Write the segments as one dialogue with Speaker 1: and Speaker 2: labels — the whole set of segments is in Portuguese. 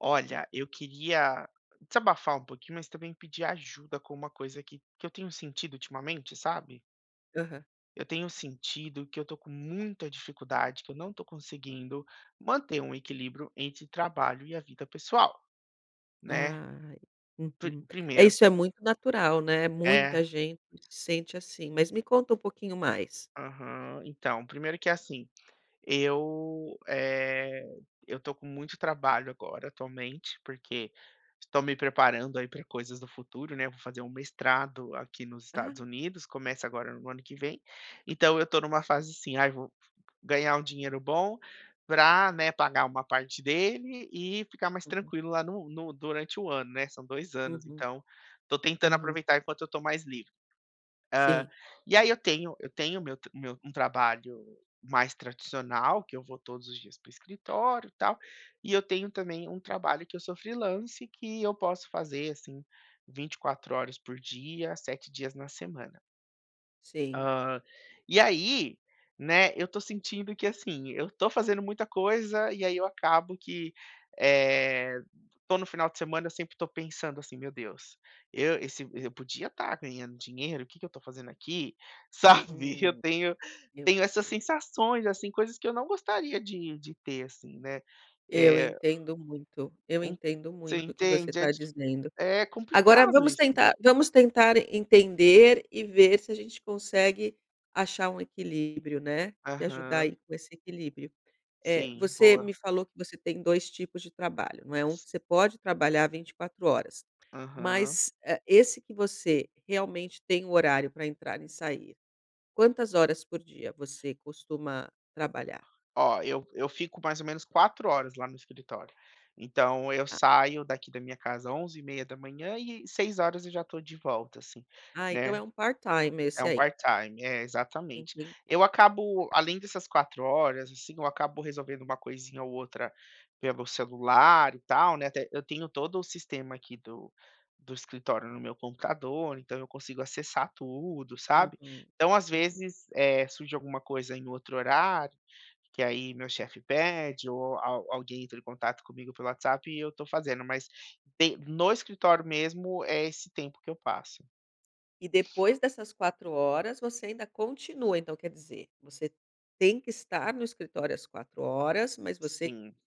Speaker 1: Olha, eu queria desabafar um pouquinho, mas também pedir ajuda com uma coisa que que eu tenho sentido ultimamente, sabe?
Speaker 2: Aham.
Speaker 1: Eu tenho sentido que eu estou com muita dificuldade, que eu não estou conseguindo manter um equilíbrio entre trabalho e a vida pessoal, né,
Speaker 2: Ai,
Speaker 1: pr
Speaker 2: uhum. É,
Speaker 1: primeiro
Speaker 2: isso é muito natural, né.
Speaker 1: É.
Speaker 2: Muita gente se sente assim, mas me conta um pouquinho mais.
Speaker 1: Aham. Então, primeiro que, assim, eu, eh, eu tô com muito trabalho agora, atualmente, porque estou me preparando aí pra coisas do futuro, né, vou fazer um mestrado aqui nos
Speaker 2: Ah.
Speaker 1: Estados Unidos, começa agora no ano que vem, então eu estou numa fase assim: "Ai vou ganhar um dinheiro bom pra, né, pagar uma parte dele e ficar mais
Speaker 2: Uhum.
Speaker 1: tranquilo lá no no durante ano", né. São 2 anos
Speaker 2: Uhum.
Speaker 1: então, estou tentando
Speaker 2: Uhum.
Speaker 1: aproveitar enquanto eu estou mais livre. Hã,
Speaker 2: Sim.
Speaker 1: e aí eu tenho eu tenho o meu t o meu um trabalho mais tradicional que eu vou todos os dias para o escritório e tal, e eu tenho, também, um trabalho que eu freelancer que eu posso fazer, assim, 24 horas por dia, 7 dias na semana.
Speaker 2: Sim.
Speaker 1: Hã, e aí, né, eu tô sentindo que, assim, eu tô fazendo muita coisa e aí eu acabo que, eh, tô no final de semana, sempre tô pensando assim: "Meu deus, eu esse eu podia tá ganhando dinheiro, que que eu estou fazendo aqui?" Sabe? Eu
Speaker 2: Hum,
Speaker 1: tenho
Speaker 2: meu
Speaker 1: tenho essas
Speaker 2: Deus.
Speaker 1: sensações, assim, coisas que eu não gostaria de de ter assim, né,
Speaker 2: Eu
Speaker 1: é
Speaker 2: entendo muito, eu
Speaker 1: Um
Speaker 2: entendo
Speaker 1: Você
Speaker 2: muito o que você
Speaker 1: entende? É
Speaker 2: está
Speaker 1: dif
Speaker 2: dizendo.
Speaker 1: é
Speaker 2: Agora
Speaker 1: complicado
Speaker 2: vamos
Speaker 1: isso.
Speaker 2: tentar vamos tentar entender e ver se a gente consegue achar um equilíbrio, né, te ajudar
Speaker 1: Aham.
Speaker 2: aí com esse equilíbrio. Eh,
Speaker 1: Sim,
Speaker 2: você
Speaker 1: boa.
Speaker 2: me falou que você tem 2 tipos de trabalho, não é? Um que você pode trabalhar 24 horas
Speaker 1: Aham.
Speaker 2: mas, eh, esse que você realmente tem horário pra entrar e sair, quantas horas por dia você costuma trabalhar?
Speaker 1: Ó, eu eu fico mais ou menos 4 horas lá no escritório, então eu
Speaker 2: Tá.
Speaker 1: saio daqui da minha casa 11h30 e 18h eu já estou de volta, assim,
Speaker 2: Ah, então
Speaker 1: né.
Speaker 2: é um part-time
Speaker 1: É
Speaker 2: esse
Speaker 1: um
Speaker 2: aí.
Speaker 1: part-time. É, exatamente.
Speaker 2: Entend
Speaker 1: Eu acabo além dessas 4 horas, assim, eu acabo resolvendo uma coisinha ou outra pelo celular e tal, né, até eu tenho todo o sistema aqui do do escritório no meu computador, então eu consigo acessar tudo, sabe,
Speaker 2: Uhum,
Speaker 1: então às
Speaker 2: uhum.
Speaker 1: vezes, eh, surge alguma coisa em outro horário, que aí meu chefe pede ou al alguém entra em contato comigo pelo WhatsApp e eu tô fazendo. Mas de no escritório mesmo, é esse tempo que eu passo.
Speaker 2: E depois dessas 4 horas, você ainda continua. Então, quer dizer, você tem que estar no escritório às 4 horas, mas você
Speaker 1: Sim.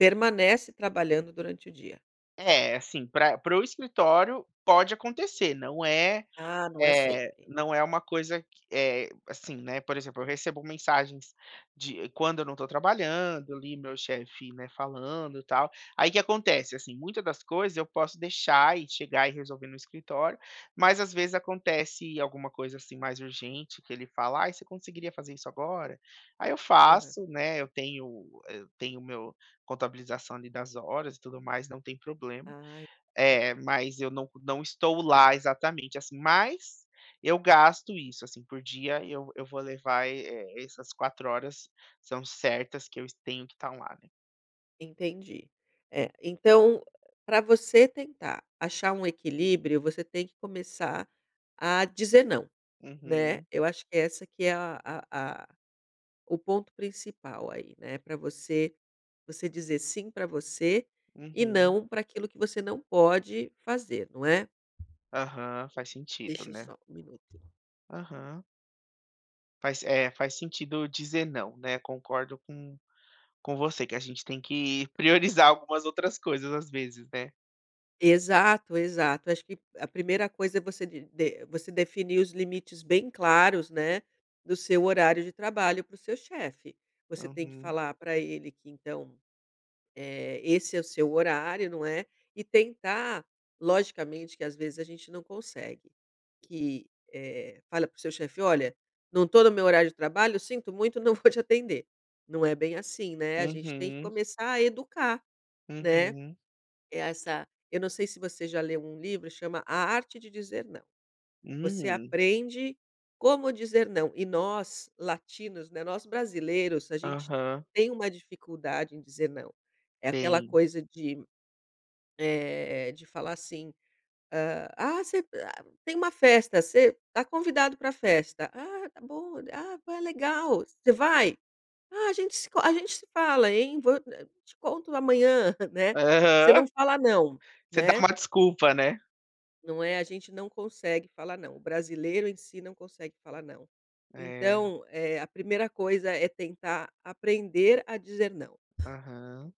Speaker 2: permanece trabalhando durante o dia.
Speaker 1: É, assim, pra para o escritório, pode acontecer não é,
Speaker 2: Ah, não é
Speaker 1: eh,
Speaker 2: sempre.
Speaker 1: não é uma coisa que é, assim, né, por exemplo, eu recebo mensagens de quando eu não estou trabalhando, ali, meu chefe, né, falando e tal, aí que acontece, assim, muita das coisas eu posso deixar e chegar e resolver no escritório, mas, às vezes, acontece alguma coisa, assim, mais urgente que ele fala: "Ai você conseguiria fazer isso agora?", aí eu
Speaker 2: Aham.
Speaker 1: faço, né, eu tenho eu tenho o meu contabilização, ali, das horas e tudo mais, não tem problema.
Speaker 2: Ah.
Speaker 1: Eh, mas eu não não estou lá exatamente, assim, mas, eu gasto isso, assim, por dia eu eu vou levar e essas 4 horas são certas que eu es tenho que estar lá, né.
Speaker 2: Entendi, eh, então, pra você tentar achar um equilíbrio, você tem que começar a dizer não, né,
Speaker 1: Uhum.
Speaker 2: eu acho que é essa que é a a a o ponto principal aí, né. Pra você você dizer sim pra você e
Speaker 1: Uhum.
Speaker 2: não pra aquilo que você não pode fazer, não é?
Speaker 1: Aham, faz sentido,
Speaker 2: Deixa eu
Speaker 1: né.
Speaker 2: só 1 minuto.
Speaker 1: Aham. Faz é, faz sentido dizer não, né. Concordo com com você, que a gente tem que priorizar algumas outras coisas, às vezes, né.
Speaker 2: Exato, exato. Acho que, a primeira coisa é você di de você definir os limites bem claros, né, do seu horário de trabalho, para o seu chefe. Você tem que
Speaker 1: Uhum.
Speaker 2: falar pra ele que então, eh, esse é o seu horário, não é, e tentar logicamente que às vezes a gente não consegue, que, eh, fala para o seu chefe: "Olha, não tô no meu horário de trabalho, sinto muito, não vou te atender." Não é bem assim, né, a gente tem que
Speaker 1: Uhum.
Speaker 2: começar a educar, né.
Speaker 1: Uhum.
Speaker 2: É essa eu não sei se você já leu um livro, chama A Arte de Dizer Não. Você
Speaker 1: Hum.
Speaker 2: aprende como dizer não. E nós, latinos, né, nós brasileiros, a gente
Speaker 1: Aham.
Speaker 2: tem uma dificuldade em dizer não. É aquela
Speaker 1: Bem.
Speaker 2: coisa de, eh, de falar assim, hã: "Ah você ah, tem uma festa, você tá convidado pra festa". "Ah, tá bom. Ah, poxa, é legal. Você vai?". "Ah, a gente se encon a gente se fala, hein, vou eh, te conto amanhã, né." Você não
Speaker 1: Aham.
Speaker 2: fala "não",
Speaker 1: Você dá
Speaker 2: né.
Speaker 1: uma desculpa, né.
Speaker 2: Não é, a gente não consegue falar não, o brasileiro em si não consegue falar não.
Speaker 1: É.
Speaker 2: Então, eh, a primeira coisa é tentar aprender a dizer não.
Speaker 1: Aham.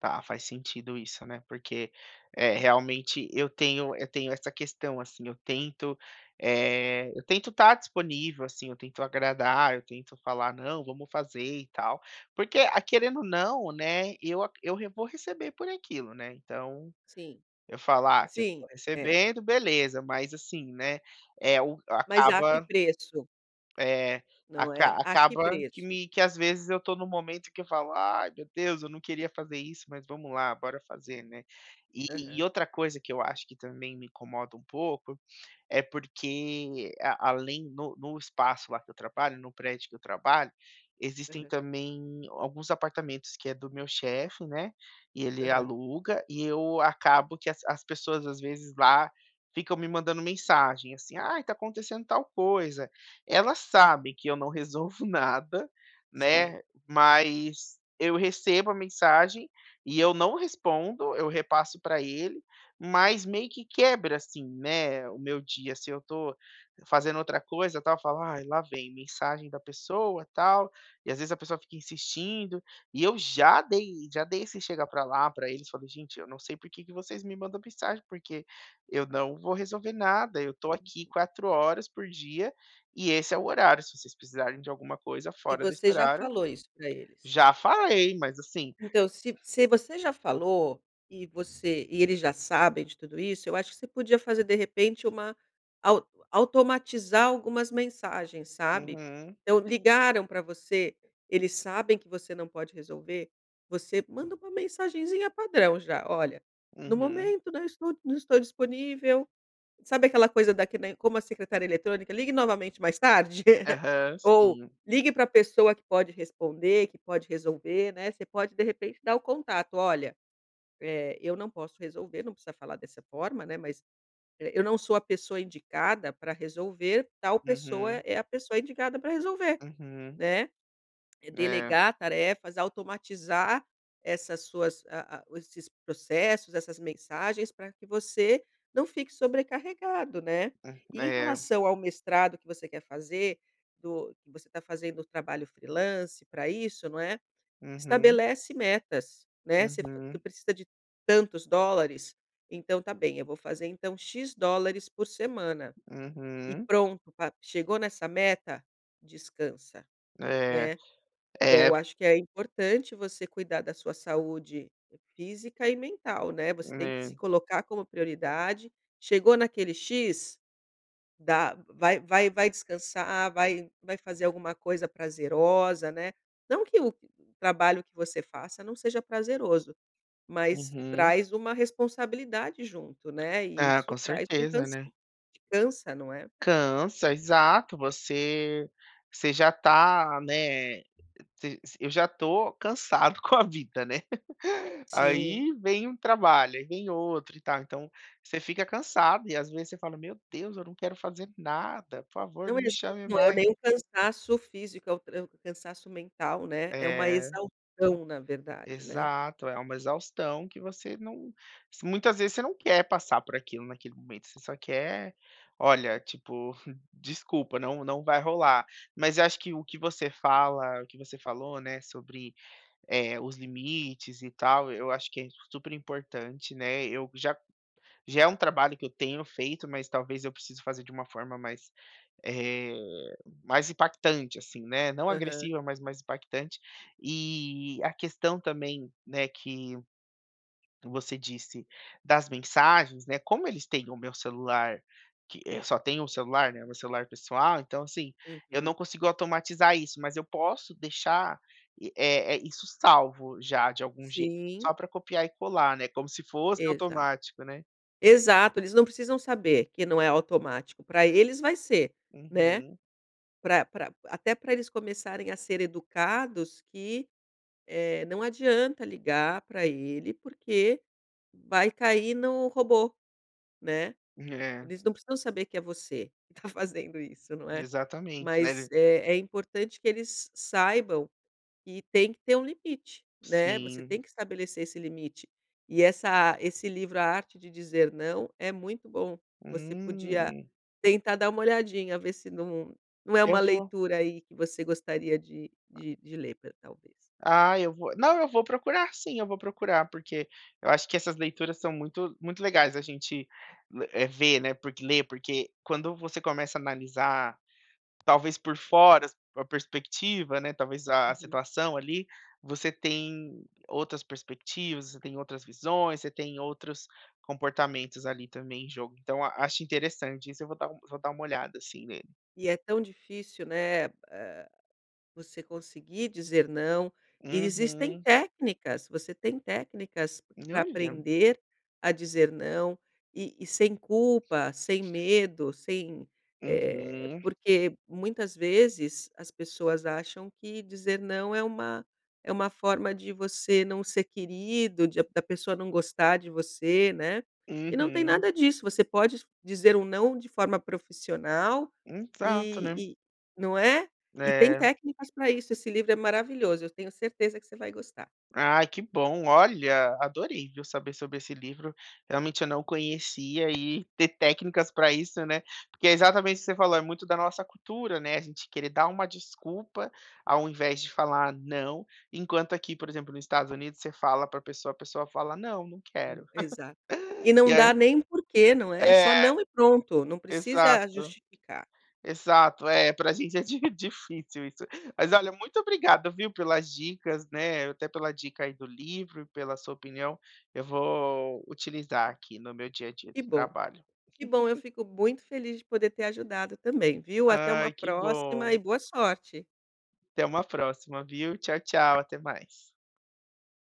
Speaker 1: Tá, faz sentido isso, né. Porque, eh, realmente eu tenho eu tenho essa questão, assim, eu tento, eh, eu tento estar disponível, assim, eu tento agradar, eu tento falar não, vamos fazer e tal. Porque a querendo não, né, eu aca eu vou receber por aquilo, né, então,
Speaker 2: Sim,
Speaker 1: eu falar se eu for
Speaker 2: sim, é.
Speaker 1: recebendo beleza mas assim, né, é o
Speaker 2: Mas a que
Speaker 1: acaba
Speaker 2: preço?
Speaker 1: é
Speaker 2: Não é?
Speaker 1: aca
Speaker 2: A que
Speaker 1: acaba que
Speaker 2: preço?
Speaker 1: me que às vezes eu estou num momento que eu falo: "Ai, meu Deus eu não queria fazer isso, mas, vamos lá bora fazer, né." E e
Speaker 2: Aham.
Speaker 1: outra coisa que eu acho que também me incomoda um pouco, é porque além no no espaço lá que eu trabalho, no prédio que eu trabalho, existem
Speaker 2: Aham.
Speaker 1: também alguns apartamentos que é do meu chefe, né, e ele
Speaker 2: Aham.
Speaker 1: aluga e eu acabo que as as pessoas às vezes lá ficam me mandando mensagem assim: "Ai está acontecendo tal coisa", ela sabe que eu não resolvo nada,
Speaker 2: Sim.
Speaker 1: né, mas eu recebo a mensagem e eu não respondo, eu repasso pra ele, mas meio que quebra assim, né, o meu dia se eu estou fazendo outra coisa tal falar lá vem mensagem da pessoa tal, e às vezes a pessoa fica insistindo, e eu já dei já dei esse chega pra lá pra eles falei: "Gente eu não sei porque que vocês me mandam mensagem porque eu não vou resolver nada, eu estou
Speaker 2: Uhum.
Speaker 1: aqui 4 horas por dia e esse é o horário se vocês precisarem de alguma coisa
Speaker 2: E
Speaker 1: fora desse
Speaker 2: você já
Speaker 1: horário"
Speaker 2: falou isso pra eles?
Speaker 1: já falei mas, assim
Speaker 2: Então se se você já falou, e você e eles já sabem de tudo isso, eu acho que você podia fazer de repente uma au automatizar algumas mensagens, sabe?
Speaker 1: Uhum.
Speaker 2: Então ligaram pra você, eles sabem que você não pode resolver, você manda uma mensagenzinha padrão já, olha: "No
Speaker 1: Uhum.
Speaker 2: momento, né, eu estou não estou disponível", sabe aquela coisa da que nem como a secretária eletrônica: "Ligue novamente mais tarde",
Speaker 1: Aham.
Speaker 2: ou
Speaker 1: Sim.
Speaker 2: ligue pra pessoa que pode responder, que pode resolver, né. Você pode de repente dar o contato, "olha, eh, eu não posso resolver." Não precisa falar dessa forma, né, mas "eu não sou a pessoa indicada pra resolver tal pessoa
Speaker 1: Uhum.
Speaker 2: é a pessoa indicada pra resolver,"
Speaker 1: Uhum.
Speaker 2: né. E
Speaker 1: É.
Speaker 2: delegar tarefas, automatizar essas suas, ah ah, esses processos, essas mensagens pra que você não fique sobrecarregado, né.
Speaker 1: Hã.
Speaker 2: E em
Speaker 1: É.
Speaker 2: relação ao mestrado que você quer fazer, do que você está fazendo o trabalho freelancer pra isso, não é?
Speaker 1: Uhum.
Speaker 2: Estabelece metas, né, você tu
Speaker 1: Uhum.
Speaker 2: precisa de tantos dólares, então está bem, eu vou fazer então X dólares por semana. E
Speaker 1: Uhum.
Speaker 2: pronto, chegou nessa meta, descansa,
Speaker 1: É,
Speaker 2: né.
Speaker 1: é.
Speaker 2: Eu acho que é importante você cuidar da sua saúde física e mental né você tem que se
Speaker 1: É.
Speaker 2: colocar como prioridade, chegou naquele X, dá vai vai vai descansar, vai vai fazer alguma coisa prazerosa, né. Não que o trabalho que você faça não seja prazeroso, mas
Speaker 1: Uhum.
Speaker 2: traz uma responsabilidade junto, né. E
Speaker 1: Ah,
Speaker 2: isso
Speaker 1: com
Speaker 2: traz um
Speaker 1: certeza,
Speaker 2: cansa
Speaker 1: né.
Speaker 2: cansa não é?
Speaker 1: Cansa, exato você você já está né se eu já tô cansado com a vida, né,
Speaker 2: Sim.
Speaker 1: aí vem um trabalho, aí vem outro e tá então você fica cansado e às vezes você fala: "Meu Deus eu não quero fazer nada por favor
Speaker 2: Não
Speaker 1: não
Speaker 2: e
Speaker 1: me
Speaker 2: olhe,
Speaker 1: chame
Speaker 2: não é
Speaker 1: mais".
Speaker 2: nem o cansaço físico é o cansaço mental, né, é uma
Speaker 1: É.
Speaker 2: exaustão na verdade, né.
Speaker 1: Exato, é uma exaustão que você não muitas vezes você não quer passar por aquilo naquele momento, você só quer, olha tipo, desculpa, não não vai rolar. Mas eu acho que o que você fala o que você falou, né, eh, sobre os limites e tal eu acho que é super importante, né. Eu já já é trabalho que eu tenho feito, mas talvez eu precise fazer de uma forma mais, eh, mais impactante assim, né. Não
Speaker 2: Aham.
Speaker 1: agressiva mas mais impactante e a questão também, né, que você disse das mensagens, né, como eles têm o meu celular, que, eh, só tem um celular, né, meu celular pessoal, então, assim, eu não
Speaker 2: Uhum.
Speaker 1: consigo automatizar isso, mas eu posso deixar, eh eh, isso salvo já de algum jeito
Speaker 2: Sim.
Speaker 1: só pra copiar e colar, né, como se fosse
Speaker 2: Exato,
Speaker 1: automático, né.
Speaker 2: exato, eles não precisam saber que não é automático, pra eles vai ser, né.
Speaker 1: Uhum.
Speaker 2: Pra pra até pra eles começarem a ser educados que, eh, não adianta ligar pra ele porque vai cair no robô, né.
Speaker 1: É.
Speaker 2: Eles não precisam saber que é você que está fazendo isso, não é?
Speaker 1: Exatamente, ma
Speaker 2: Mas
Speaker 1: é
Speaker 2: é é importante que eles saibam que tem que ter um limite, né, você
Speaker 1: Sim.
Speaker 2: tem que estabelecer esse limite. E essa esse livro A Arte de Dizer Não é muito bom você podia
Speaker 1: Hum.
Speaker 2: tentar dar uma "olhadinha" ver se não é
Speaker 1: Eu
Speaker 2: uma
Speaker 1: vou.
Speaker 2: leitura aí que você gostaria de de ler ta talvez.
Speaker 1: Ah eu vou, não eu vou procurar sim, eu vou procurar porque, eu acho que essas leituras são muito muito legais a gente, eh, ver, né, porque ler porque quando você começa analisar talvez por fora as per perspectiva, né. Talvez a
Speaker 2: Uhum.
Speaker 1: situação ali você tem outras perspectivas, você tem outras visões, você tem outros comportamentos ali também em jogo então a acho interessante isso eu vou dar vou dar uma olhada, assim, nele.
Speaker 2: E é tão difícil, né, ah, você conseguir dizer não, e existem
Speaker 1: Uhum.
Speaker 2: técnicas, você tem técnicas pra
Speaker 1: Olha.
Speaker 2: aprender a dizer não e e sem culpa, sem medo, sem, eh
Speaker 1: Uhum.
Speaker 2: porque muitas vezes as pessoas acham que dizer não é uma é uma forma de você não ser querido, de da pessoa não gostar de você, né. E não tem
Speaker 1: Uhum.
Speaker 2: nada disso, você pode dizer um não de forma profissional
Speaker 1: Exato, né.
Speaker 2: e e não é? E tem
Speaker 1: É.
Speaker 2: técnicas para isso esse livro é maravilhoso eu tenho certeza que você vai gostar.
Speaker 1: Ai que bom, olha, adorei viu saber sobre esse livro, realmente eu não conhecia e ter técnicas pra isso, né. Porque é exatamente o que você falou é muito da nossa cultura, né, a gente querer dar uma desculpa ao invés de falar não, enquanto aqui por exemplo no Estados Unidos você fala pra pessoa a pessoa fala não não
Speaker 2: Hum,
Speaker 1: quero.
Speaker 2: exato. E
Speaker 1: E
Speaker 2: não
Speaker 1: aí
Speaker 2: dá nem porquê não é.
Speaker 1: é,
Speaker 2: Só não e pronto, não precisa
Speaker 1: exato,
Speaker 2: justificar.
Speaker 1: exato, é pra gente é di difícil isso. Mas olha, muito obrigado viu, pelas dicas, né. Até pela dica aí do livro e pela sua opinião, eu vou utilizar aqui no meu dia a dia
Speaker 2: Que
Speaker 1: do
Speaker 2: bom,
Speaker 1: trabalho.
Speaker 2: que bom eu fico muito feliz de poder ter ajudado também, viu. Até uma
Speaker 1: Ai que
Speaker 2: próxima
Speaker 1: bom.
Speaker 2: e boa sorte.
Speaker 1: Até uma próxima, viu. Tchau tchau até mais.